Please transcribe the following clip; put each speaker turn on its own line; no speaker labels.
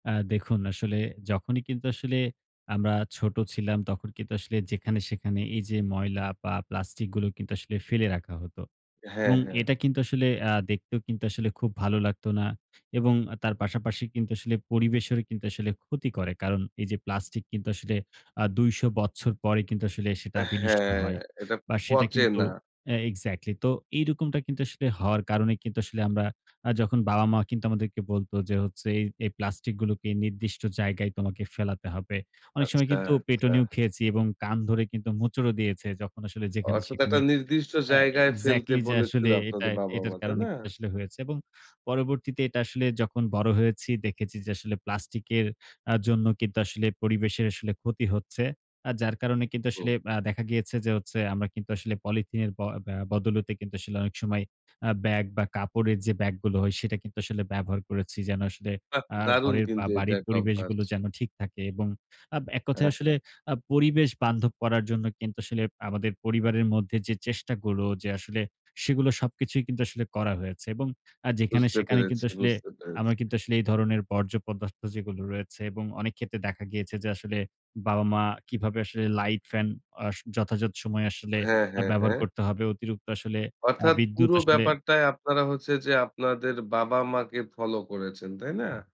অ্যা দেখুন আসলে যখনই কিন্তু আসলে আমরা ছোট ছিলাম তখন কিন্তু আসলে যেখানে-সেখানে এই যে ময়লা বা প্লাস্টিক গুলো কিন্তু আসলে ফেলে রাখা হত।
হ্যাঁ,
এবং
হ্যাঁ।
এটা কিন্তু আসলে অ্যা দেখতেও কিন্তু আসলে খুব ভালো লাগতো না। এবং তার পাশাপাশি কিন্তু আসলে পরিবেশের কিন্তু আসলে ক্ষতি করে, কারণ এই যে প্লাস্টিক কিন্তু আসলে আ ২০০ বছর পরে কিন্তু আসলে সেটা বিনিষ্ট
হ্যাঁ,
হয়,
এটা
বা সেটা
পচে
কিন্তু,
না।
হ্যাঁ এক্সাক্টলি তো এইরকমটা কিন্তু আসলে হওয়ার কারণে কিন্তু আসলে আমরা যখন বাবা-মা আমাদেরকে বলত যে হচ্ছে এ এই প্লাস্টিক গুলোকে নির্দিষ্ট জায়গায় তোমাকে ফেলাতে হবে। অনেক সময়
আচ্ছা,
কিন্তু
আচ্ছা।
পেটুনিও খেয়েছি এবং কান ধরে কিন্তু মোচড় ও দিয়েছে যখন আসলে
অর্থাৎ
যেখানে-সেখানে,
একটা নির্দিষ্ট
হ্যাঁ
জায়গায় ফেলতে
এক্সাক্টলি যে
বলেছিল
আসলে এটা
আপনাদের
এটার
বাবা-মা, তাই
কারণে
না?
কিন্তু আসলে হয়েছে। এবং পরবর্তীতে এটা আসলে যখন বড় হয়েছি দেখেছি যে, আসলে প্লাস্টিক এর অ্যা জন্য কিন্তু আসলে পরিবেশের আসলে ক্ষতি হচ্ছে। আ যার কারণে কিন্তু
হুম।
আসলে আ দেখা গিয়েছে যে হচ্ছে আমরা কিন্তু আসলে পলিথিনের ব ব্যা বদলতে কিন্তু আসলে অনেক সময় আ ব্যাগ বা কাপড়ের যে ব্যাগ গুলো হয় সেটা কিন্তু আসলে ব্যবহার করেছি। যেন আসলে
বাহ!
আ
দারুণ
ঘরের বা
কিন্তু এটা
বাড়ির
একটা অভ্যাস।
পরিবেশগুলো যেন ঠিক এবং আ এক কথায়
হ্যাঁ,
আসলে
হ্যাঁ।
আ পরিবেশ বান্ধব করার জন্য কিন্তু আসলে আমাদের পরিবারের মধ্যে যে চেষ্টাগুলো, যে আসলে সেগুলো সবকিছুই কিন্তু আসলে করা হয়েছে এবং আ যেখানে
বুঝতে
সেখানে
পেরেছি
কিন্তু আসলে
বুঝতে পেরেছি।
আমরা কিন্তু আসলে এই ধরনের বর্জ্য পদার্থ যেগুলো রয়েছে এবং অনেক ক্ষেত্রে দেখা গিয়েছে যে আসলে বাবা-মা কিভাবে আসলে লাইট ফ্যান অ যথাযথ সময়ে আসলে
হ্যাঁ, হ্যাঁ,
ব্যবহার
হ্যাঁ।
করতে হবে। অতিরিক্ত আসলে আ
অর্থাৎ
বিদ্যুৎ
পুরো
আসলে
ব্যাপারটায় আপনারা হচ্ছে যে আপনাদের বাবা-মাকে ফলো করেছেন। তাই না?